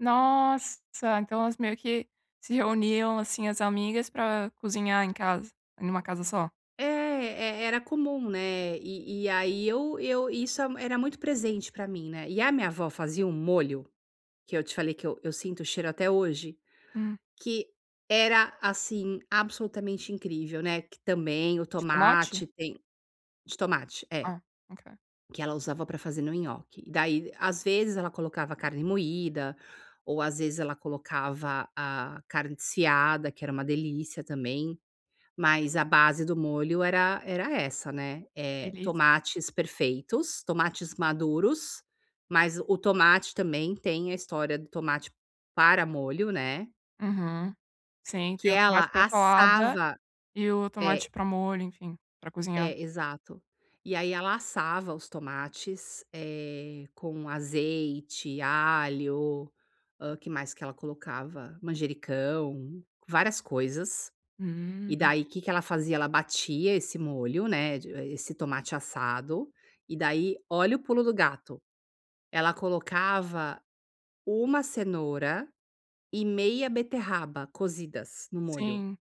Nossa, então, elas meio que se reuniam, assim, as amigas para cozinhar em casa, em uma casa só. É, e e era comum, né. E e aí eu eu isso era muito presente para mim, né. E a minha avó fazia um molho, que eu te falei, que eu eu sinto o cheiro até hoje. Hum. Que era, assim, absolutamente incrível, né, que também o De tomate? tomate, tem De tomate, é. Ah, ok. Que ela usava para fazer no nhoque, daí às vezes ela colocava carne moída, ou às vezes ela colocava a carne desfiada que era uma delícia também, mas a base do molho era era essa, né, eh Delícia. tomates perfeitos, tomates maduros, mas o tomate também tem a história do tomate para molho, né Uhum. Sim, que tem o tomate ela para salada, assava e o é tomate para molho, enfim, para cozinhar. é, exato, e aí ela assava os tomates, eh, com azeite, alho, hã, que mais que ela colocava, manjericão, várias coisas. E, Hum. daí, que que ela fazia, ela batia esse molho, né, de eh, esse tomate assado, e, daí, olha o pulo do gato, ela colocava uma cenoura e meia beterraba cozidas no molho, Sim.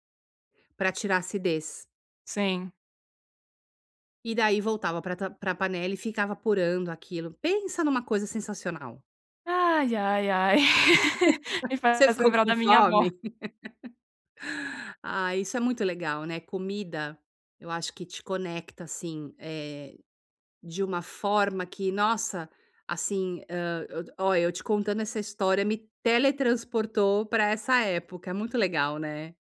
para tirar acidez. Sim. E, daí, voltava para ta para panela e ficava apurando aquilo. Pensa em uma coisa sensacional. Ai, ai, ai. Me Você faz ficou lembrar com da minha avó. fome? Ah, isso é muito legal, né. Comida, eu acho que te conecta, assim, eh, de uma forma que nossa, assim hã, ó, eu te contando essa história me teletransportou para essa época. É muito legal, né.